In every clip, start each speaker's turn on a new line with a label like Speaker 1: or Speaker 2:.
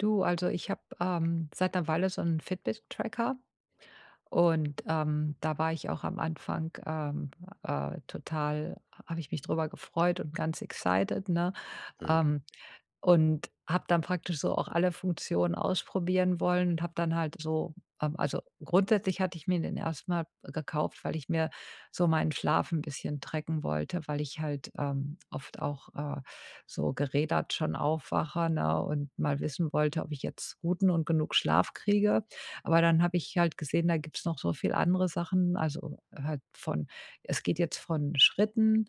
Speaker 1: Du, also, ich habe, ähm, seit 'ner Weile so 'n Fitnesstracker und, ähm, da war ich auch am Anfang, ähm, äh, total habe ich mich drüber gefreut und ganz excited, ne?
Speaker 2: Mhm.
Speaker 1: Ähm, und habe dann praktisch so auch alle Funktionen ausprobieren wollen und habe dann halt so, ähm, also grundsätzlich hatte ich mir den erst mal gekauft, weil ich mir so meinen Schlaf 'n bisschen tracken wollte, weil ich halt, ähm, oft auch, äh, so gerädert schon aufwache, ne? Und mal wissen wollte, ob ich jetzt guten und genug Schlaf kriege. Aber dann habe ich halt gesehen, da gibt's noch so viel andere Sachen, also, halt von es geht jetzt von Schritten,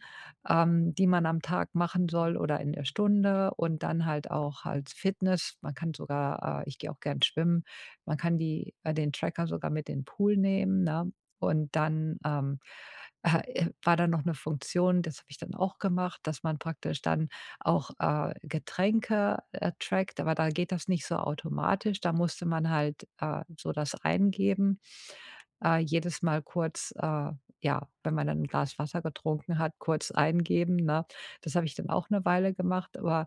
Speaker 1: ähm, die man am Tag machen soll oder in der Stunde und dann halt auch als Fitness. Man kann sogar, äh ich gehe auch gern schwimmen. Man kann die äh, den Tracker sogar mit in ’n Pool nehmen, ne? Und dann, ähm, äh, e war da noch ’ne Funktion, das habe ich dann auch gemacht, dass man praktisch dann auch, äh, Getränke, äh, trackt, aber da geht das nicht so automatisch. Da musste man halt, äh, so das eingeben äh, jedes Mal kurz, äh, ja, wenn man dann 'n Glas Wasser getrunken hat, kurz eingeben, ne? Das habe ich dann auch 'ne Weile gemacht, aber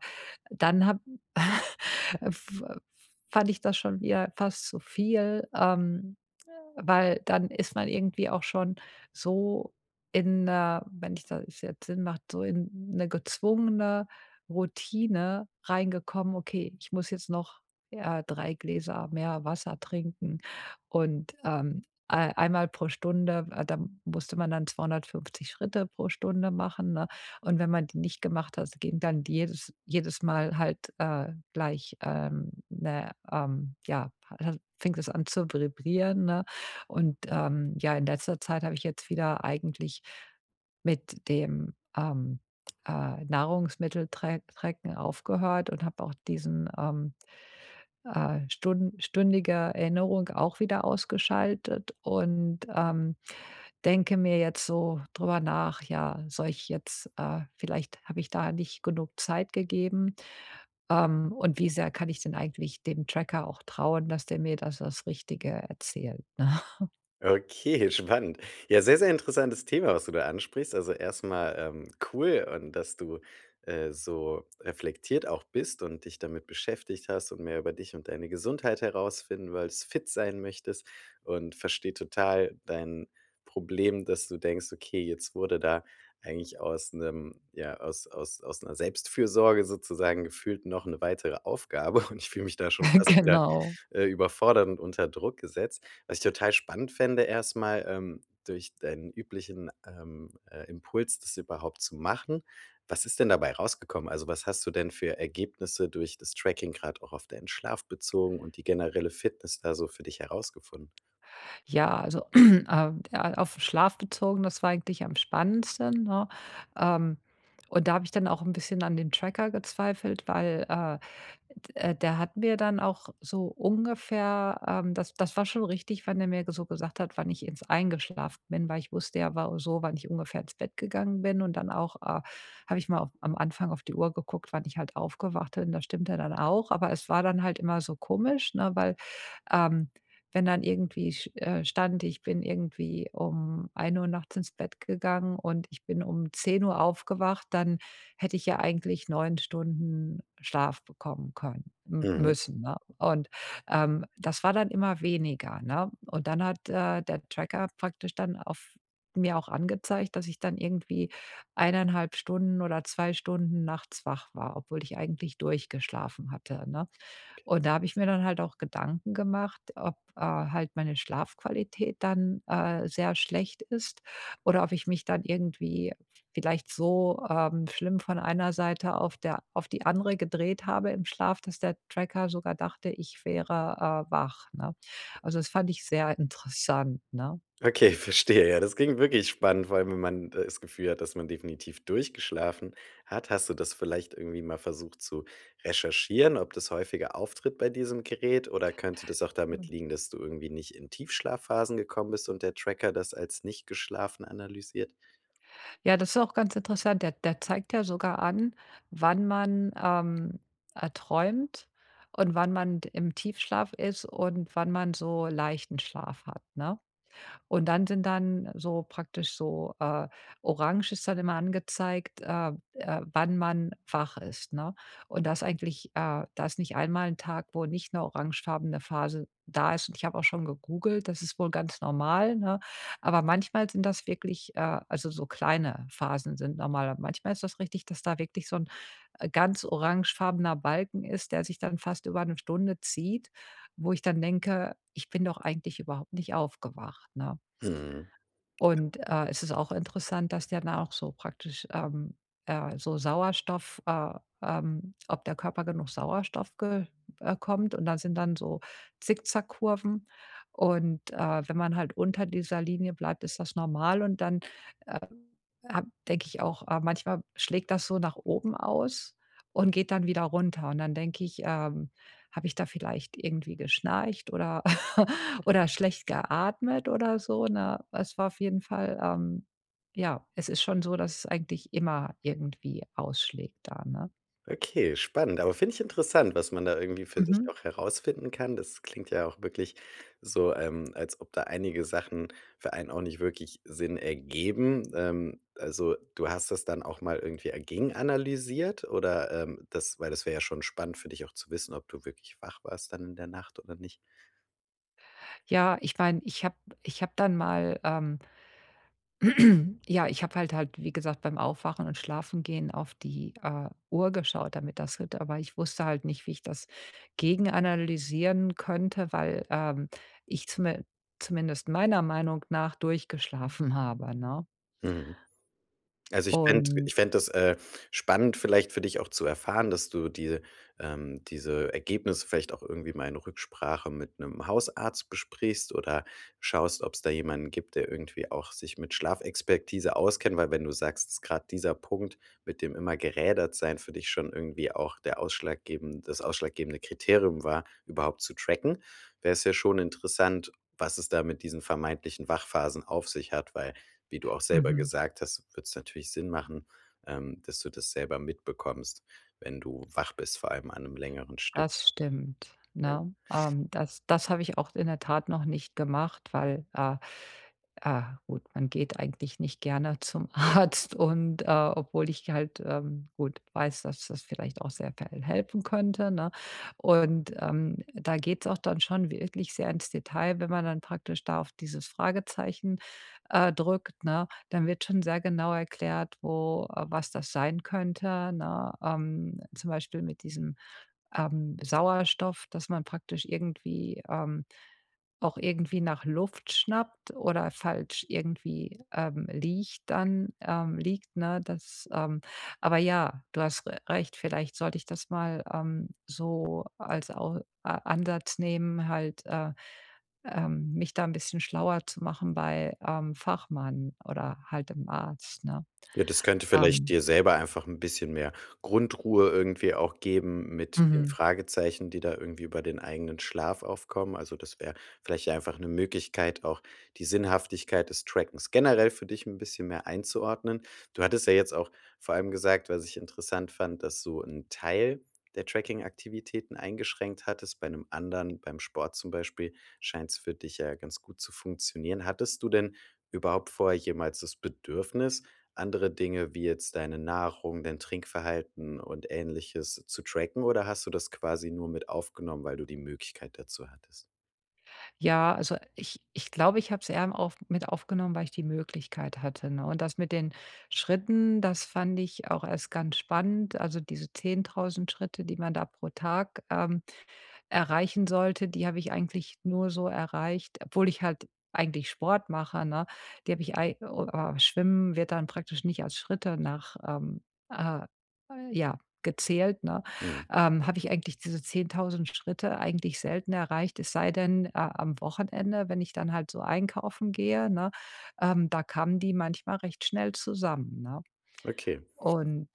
Speaker 1: dann habe f fand ich das schon wieder fast zu viel, ähm, äh, weil dann ist man irgendwie auch schon so in äh, wenn ich das jetzt Sinn macht, so in 'ne gezwungene Routine reingekommen: „Okay, ich muss jetzt noch, äh, 3 Gläser mehr Wasser trinken.“, und, ähm, äh, einmal pro Stunde, äh, da musste man dann 250 Schritte pro Stunde machen, ne? Und wenn man die nicht gemacht hat, ging dann jedes jedes Mal halt, äh, gleich, ähm, 'ne, ähm ja, ha fing das an zu vibrieren, ne? Und ähm, ja, in letzter Zeit habe ich jetzt wieder eigentlich mit dem, ähm, äh, Nahrungsmitteltra Tracken aufgehört und habe auch diesen, ähm, äh, stun stündige Erinnerung auch wieder ausgeschaltet und, ähm, denke mir jetzt so drüber nach: „Ja, soll ich jetzt, äh vielleicht habe ich da nicht genug Zeit gegeben. Ähm, und wie sehr kann ich denn eigentlich dem Tracker auch trauen, dass der mir da das Richtige erzählt?“, ne?
Speaker 2: Okay, spannend. Ja, sehr, sehr interessantes Thema, was du da ansprichst. Also, erst mal, ähm, cool und dass du, äh, so reflektiert auch bist und dich damit beschäftigt hast und mehr über dich und deine Gesundheit herausfinden willst, fit sein möchtest, und verstehe total dein Problem, dass du denkst: „Okay, jetzt wurde da eigentlich aus 'nem ja, aus aus aus 'ner Selbstfürsorge sozusagen gefühlt noch 'ne weitere Aufgabe und ich fühle mich da schon fast wieder,
Speaker 1: Genau.
Speaker 2: äh, überfordert und unter Druck gesetzt. Was ich total spannend fände erst mal, ähm, durch deinen üblichen, ähm, äh, Impuls, das überhaupt zu machen, was ist denn dabei rausgekommen? Also, was hast du denn für Ergebnisse durch das Tracking gerade auch auf deinen Schlaf bezogen und die generelle Fitness da so für dich herausgefunden?
Speaker 1: Ja, also, a ja, auf 'n Schlaf bezogen, das war eigentlich am spannendsten, ne? Ähm, und da habe ich dann auch 'n bisschen an dem Tracker gezweifelt, weil, äh, d der hat mir dann auch so ungefähr ähm, das das war schon richtig, wann er mir so gesagt hat, wann ich ins eingeschlafen bin, weil ich wusste ja, war so wann ich ungefähr ins Bett gegangen bin, und dann auch, äh, habe ich mal auf am Anfang auf die Uhr geguckt, wann ich halt aufgewacht bin, das stimmte dann auch, aber es war dann halt immer so komisch, ne? Weil, ähm, wenn dann irgendwie sch äh, stand, ich bin irgendwie um 1:00 nachts ins Bett gegangen und ich bin um 10:00 aufgewacht, dann hätte ich ja eigentlich 9 Stunden Schlaf bekommen können mü
Speaker 2: Mhm.
Speaker 1: müssen, ne? Und, ähm, das war dann immer weniger, ne? Und dann hat, äh, der Tracker praktisch dann auf mir auch angezeigt, dass ich dann irgendwie 1 1/2 Stunden oder 2 Stunden nachts wach war, obwohl ich eigentlich durchgeschlafen hatte, ne? Und da habe ich mir dann halt auch Gedanken gemacht, ob, äh, halt meine Schlafqualität dann, äh, sehr schlecht ist oder ob ich mich dann irgendwie vielleicht so, ähm, schlimm von einer Seite auf der auf die andere gedreht habe im Schlaf, dass der Tracker sogar dachte, ich wäre, äh, wach, ne? Also, das fand ich sehr interessant, ne?
Speaker 2: Okay, verstehe, ja. Das klingt wirklich spannend, vor allem, wenn man das Gefühl hat, dass man definitiv durchgeschlafen hat. Hast du das vielleicht irgendwie mal versucht zu recherchieren, ob das häufiger auftritt bei diesem Gerät oder könnte das auch damit
Speaker 1: Mhm.
Speaker 2: liegen, dass du irgendwie nicht in Tiefschlafphasen gekommen bist und der Tracker das als „nicht geschlafen“ analysiert?
Speaker 1: Ja, das ist auch ganz interessant. Der der zeigt ja sogar an, wann man, ähm, äh, träumt, und wann man d im Tiefschlaf ist, und wann man so leichten Schlaf hat, ne? Und dann sind dann so praktisch so, äh Orange ist dann immer angezeigt, äh, äh, wann man wach ist, ne? Und da ist eigentlich äh, da ist nicht einmal 'n Tag, wo nicht 'ne orangefarbene Phase da ist und ich habe auch schon gegoogelt, das ist wohl ganz normal, ne? Aber manchmal sind das wirklich, äh also, so kleine Phasen sind normal. Aber manchmal ist das richtig, dass da wirklich so 'n, äh, ganz orangefarbener Balken ist, der sich dann fast über 1 Stunde zieht, wo ich dann denke: „Ich bin doch eigentlich überhaupt nicht aufgewacht.“, ne?
Speaker 2: Mhm.
Speaker 1: Und, äh, es ist auch interessant, dass der dann auch so praktisch, ähm, äh, so Sauerstoff, äh, ähm ob der Körper genug Sauerstoff ge äh, kommt und da sind dann so Zickzack-Kurven und, äh, wenn man halt unter dieser Linie bleibt, ist das normal und dann, äh, habe denke ich auch: „Äh, manchmal schlägt das so nach oben aus und geht dann wieder runter.“ Und dann denke ich, ähm: „Habe ich da vielleicht irgendwie geschnarcht oder oder schlecht geatmet oder so?“, ne? Es war auf jeden Fall, ähm ja, es ist schon so, dass es eigentlich immer irgendwie ausschlägt da, ne?
Speaker 2: Okay, spannend, aber finde ich interessant, was man da irgendwie für sich
Speaker 1: Mhm.
Speaker 2: auch herausfinden kann. Das klingt ja auch wirklich so, ähm, als ob da einige Sachen für einen auch nicht wirklich Sinn ergeben. Ähm, also, du hast das dann auch mal irgendwie, äh, gegenanalysiert oder, ähm, das weil das wäre ja schon spannend für dich auch zu wissen, ob du wirklich wach warst dann in der Nacht oder nicht?
Speaker 1: Ja, ich meine, ich habe ich habe dann mal ähm ja, ich habe halt halt, wie gesagt, beim Aufwachen und Schlafengehen auf die, äh, Uhr geschaut, damit das [unintelligible] Aber ich wusste halt nicht, wie ich das gegenanalysieren könnte, weil, ähm, ich zumin zumindest meiner Meinung nach durchgeschlafen habe, ne?
Speaker 2: Mhm. Also, ich fänd
Speaker 1: Und
Speaker 2: ich fände das, äh, spannend, vielleicht für dich auch zu erfahren, dass du dir, ähm, diese Ergebnisse vielleicht auch irgendwie mal in Rücksprache mit 'nem Hausarzt besprichst oder schaust, ob's da jemanden gibt, der irgendwie auch sich mit Schlafexpertise auskennt. Weil, wenn du sagst, ist grad dieser Punkt mit dem immer gerädert sein für dich schon irgendwie auch der ausschlaggeben das ausschlaggebende Kriterium war, überhaupt zu tracken, wäre es ja schon interessant, was es da mit diesen vermeintlichen Wachphasen auf sich hat, weil, wie du auch selber
Speaker 1: Mhm.
Speaker 2: gesagt hast, würde es natürlich Sinn machen, ähm, dass du das selber mitbekommst, wenn du wach bist, vor allem an 'nem längeren Stück.
Speaker 1: Das stimmt,
Speaker 2: Ja.
Speaker 1: ne? Ähm, das das habe ich auch in der Tat noch nicht gemacht, weil, äh, äh, gut, man geht eigentlich nicht gerne zum Arzt und, äh, obwohl ich halt, ähm, gut, weiß, dass das vielleicht auch sehr k helfen könnte, ne? Und, ähm, da geht's auch dann schon wirklich sehr ins Detail, wenn man dann praktisch da auf dieses Fragezeichen, äh, drückt, ne? Dann wird schon sehr genau erklärt, wo was das sein könnte, ne? Ähm, zum Beispiel mit diesem, ähm, Sauerstoff, dass man praktisch irgendwie ähm, auch irgendwie nach Luft schnappt oder falsch irgendwie, ähm, liegt dann ähm, liegt, ne, das, ähm aber ja, du hast r recht, vielleicht sollte ich das mal, ähm, so als Au A Ansatz nehmen, halt, äh, ähm, mich da 'n bisschen schlauer zu machen bei, ähm, Fachmann oder halt dem Arzt, ne,
Speaker 2: Ja, das könnte vielleicht
Speaker 1: ähm.
Speaker 2: dir selber einfach 'n bisschen mehr Grundruhe irgendwie auch geben mit den
Speaker 1: Mhm.
Speaker 2: Fragezeichen, die da irgendwie über den eigenen Schlaf aufkommen. Also, das wäre vielleicht einfach 'ne Möglichkeit, auch die Sinnhaftigkeit des Trackens generell für dich 'n bisschen mehr einzuordnen. Du hattest ja jetzt auch vor allem gesagt, was ich interessant fand, dass du 'n Teil der Trackingaktivitäten eingeschränkt hattest bei 'nem anderen beim Sport zum Beispiel, scheint's für dich ja ganz gut zu funktionieren. Hattest du denn überhaupt vorher jemals das Bedürfnis, andere Dinge wie jetzt deine Nahrung, dein Trinkverhalten und Ähnliches zu tracken, oder hast du das quasi nur mit aufgenommen, weil du die Möglichkeit dazu hattest?
Speaker 1: Ja, also, ich ich glaube, ich habe es eher m auf mit aufgenommen, weil ich die Möglichkeit hatte, ne? Und das mit den Schritten, das fand ich auch erst ganz spannend. Also, diese 10.000 Schritte, die man da pro Tag, ähm, erreichen sollte, die habe ich eigentlich nur so erreicht, obwohl ich halt eigentlich Sport mache, ne? Die habe ich ei oh, aber Schwimmen wird dann praktisch nicht als Schritte nach ähm, äh, ja, gezählt, ne?
Speaker 2: Mhm.
Speaker 1: Ähm, habe ich eigentlich diese 10.000 Schritte eigentlich selten erreicht. Es sei denn, äh, am Wochenende, wenn ich dann halt so einkaufen gehe, ne, ähm, da kamen die manchmal recht schnell zusammen, ne?
Speaker 2: Okay.
Speaker 1: Und,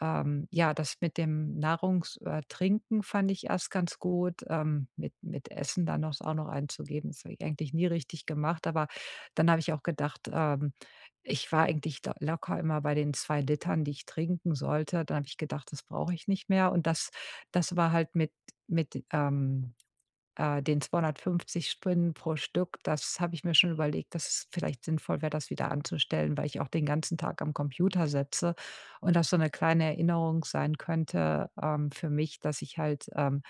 Speaker 1: ähm, ja, das mit dem Nahrungs äh, Trinken fand ich erst ganz gut, ähm, mit mit Essen dann auch s auch noch einzugeben. Das habe ich eigentlich nie richtig gemacht, aber dann habe ich auch gedacht: „Ähm, ich war eigentlich da locker immer bei den 2 l, die ich trinken sollte.“ Dann habe ich gedacht: „Das brauche ich nicht mehr.“ Und das das war halt mit mit, ähm, äh, den 250 Spinnen pro Stück, das habe ich mir schon überlegt, dass es vielleicht sinnvoll wäre, das wieder anzustellen, weil ich auch den ganzen Tag am Computer setze und das so 'ne kleine Erinnerung sein könnte, ähm, für mich, dass ich halt, ähm,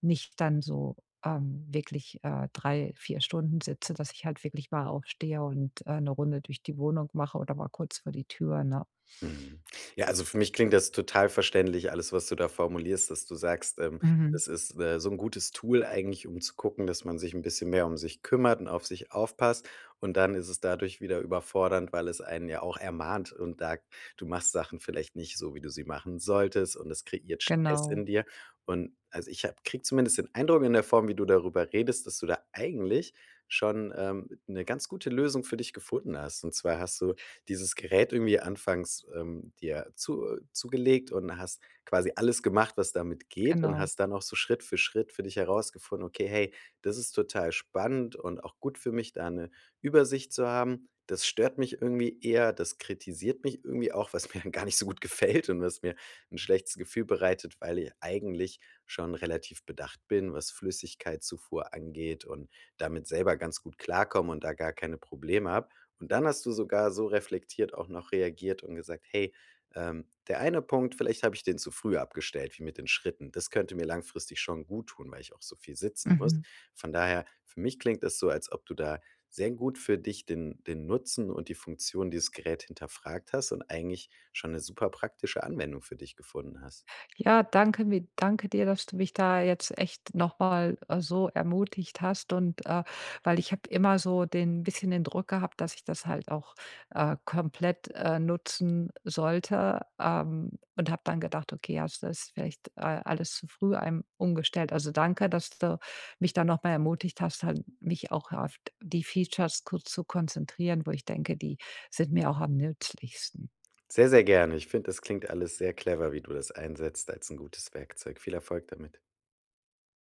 Speaker 1: nicht dann so, ähm, wirklich, äh, 3, 4 Stunden sitze, dass ich halt wirklich mal aufstehe und, äh, 'ne Runde durch die Wohnung mache oder mal kurz vor die Tür, ne?
Speaker 2: Mhm, ja, also, für mich klingt das total verständlich alles, was du da formulierst, dass du sagst, ähm,
Speaker 1: Mhm.
Speaker 2: es ist, äh, so 'n gutes Tool eigentlich, um zu gucken, dass man sich 'n bisschen mehr um sich kümmert und auf sich aufpasst. Und dann ist es dadurch wieder überfordernd, weil es einen ja auch ermahnt und sagt, du machst Sachen vielleicht nicht so, wie du sie machen solltest und das kreiert Stress in
Speaker 1: Genau.
Speaker 2: dir. Und, also, ich habe kriege zumindest den Eindruck in der Form, wie du darüber redest, dass du da eigentlich schon, ähm, 'ne ganz gute Lösung für dich gefunden hast. Und zwar hast du dieses Gerät irgendwie anfangs, ähm, dir zu äh, zugelegt und hast quasi alles gemacht, was damit geht und
Speaker 1: Genau.
Speaker 2: hast dann auch so Schritt für Schritt für dich herausgefunden: „Okay, hey, das ist total spannend und auch gut für mich, da 'ne Übersicht zu haben. Das stört mich irgendwie eher, das kritisiert mich irgendwie auch, was mir gar nicht so gut gefällt und was mir 'n schlechtes Gefühl bereitet, weil ich eigentlich schon relativ bedacht bin, was Flüssigkeitszufuhr angeht und damit selber ganz gut klarkomme und da gar keine Probleme habe.“ Und dann hast du sogar so reflektiert auch noch reagiert und gesagt: „Hey, ähm, der eine Punkt, vielleicht habe ich den zu früh abgestellt wie mit den Schritten. Das könnte mir langfristig schon guttun, weil ich auch so viel sitzen muss.“
Speaker 1: Mhm.
Speaker 2: Von daher, für mich klingt das so, als ob du da sehr gut für dich den den Nutzen und die Funktion dieses Gerät hinterfragt hast und eigentlich schon 'ne superpraktische Anwendung für dich gefunden hast.
Speaker 1: Ja, danke mi danke dir, dass du mich da jetzt echt noch mal, äh, so ermutigt hast und, äh, weil ich habe immer so den bisschen den Druck gehabt, dass ich das halt auch, äh, komplett, äh, nutzen sollte, ähm, und habe dann gedacht: „Okay, ja, das ist vielleicht, äh, alles zu früh einem umgestellt.“ Also, danke, dass du mich da noch mal ermutigt hast, halt mich auch auf die Features ku zu konzentrieren, wo ich denke, die sind mir auch am nützlichsten.
Speaker 2: Sehr, sehr gerne. Ich finde, das klingt alles sehr clever, wie du das einsetzt als 'n gutes Werkzeug. Viel Erfolg damit.